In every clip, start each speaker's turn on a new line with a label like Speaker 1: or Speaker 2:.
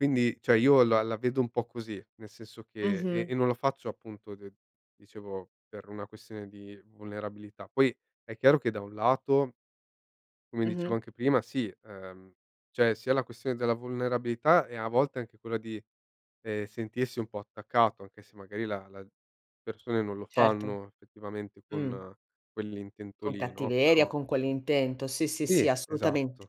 Speaker 1: Quindi, cioè, io la la vedo un po' così, nel senso che e
Speaker 2: Mh-mh.
Speaker 1: e non lo faccio, appunto, d dicevo, per una questione di vulnerabilità. Poi è chiaro che da un lato come dicevo
Speaker 2: Mh-mh.
Speaker 1: anche prima, sì, ehm, cioè, sia la questione della vulnerabilità e, a volte, anche quella di, ehm, sentirsi, un po' attaccato, anche se magari la la persone non lo
Speaker 2: Certo.
Speaker 1: fanno, effettivamente,
Speaker 2: Mh.
Speaker 1: con quell'intento
Speaker 2: Con
Speaker 1: lì, no,
Speaker 2: cattiveria,
Speaker 1: però
Speaker 2: con quell'intento. Sì, sì,
Speaker 1: Sì,
Speaker 2: sì, assolutamen
Speaker 1: esatto.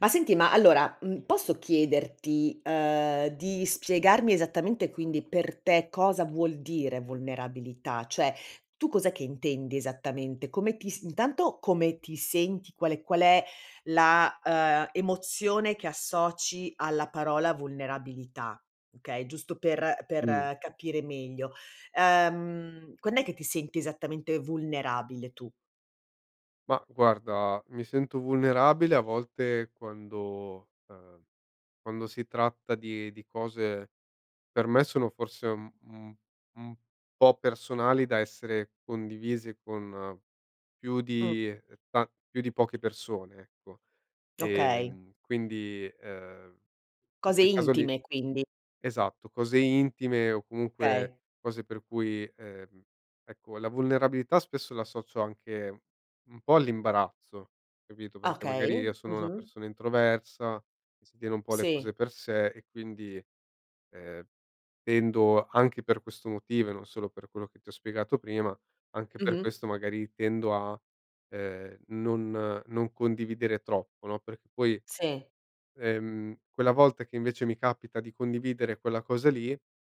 Speaker 2: ma senti, ma allora, mhmm, posso chiederti, uhm, di spiegarmi esattamente, quindi, per te cosa vuol dire vulnerabilità? Cioè, tu cos'è che intendi esattamente? Come ti si intanto, come ti senti? Qual è qual è la, ehm, emozione che associ alla parola vulnerabilità? Okay, giusto per
Speaker 1: Mh.
Speaker 2: per capire meglio. Ehm, quand'è che ti senti esattamente vulnerabile tu?
Speaker 1: Ma guarda, mi sento vulnerabile a volte quando ehm, quando si tratta di di cose per me sono, forse, un un un po' personali da essere condivise con più
Speaker 2: Mh.
Speaker 1: di, uhm, ta più di poche persone, ecco.
Speaker 2: Okay.
Speaker 1: Ehm, quindi, ehm, in
Speaker 2: Cose
Speaker 1: quel caso lì
Speaker 2: intime, quindi.
Speaker 1: esatto, cose intime o, comunque,
Speaker 2: Okay.
Speaker 1: cose per cui ehm, ecco, la vulnerabilità spesso la associo anche un po' all'imbarazzo, capito, perché magari
Speaker 2: Okay,
Speaker 1: io sono una
Speaker 2: mh-mh.
Speaker 1: persona introversa, si tiene un po' le
Speaker 2: Sì.
Speaker 1: cose per sé, e quindi, ehm, tendo anche per questo motivo, e non solo per quello che ti ho spiegato prima, anche per
Speaker 2: Mh-mh.
Speaker 1: questo, magari, tendo a, ehm, non non condividere troppo, no, perché poi,
Speaker 2: Sì.
Speaker 1: ehm, quella volta che, invece, mi capita di condividere quella cosa lì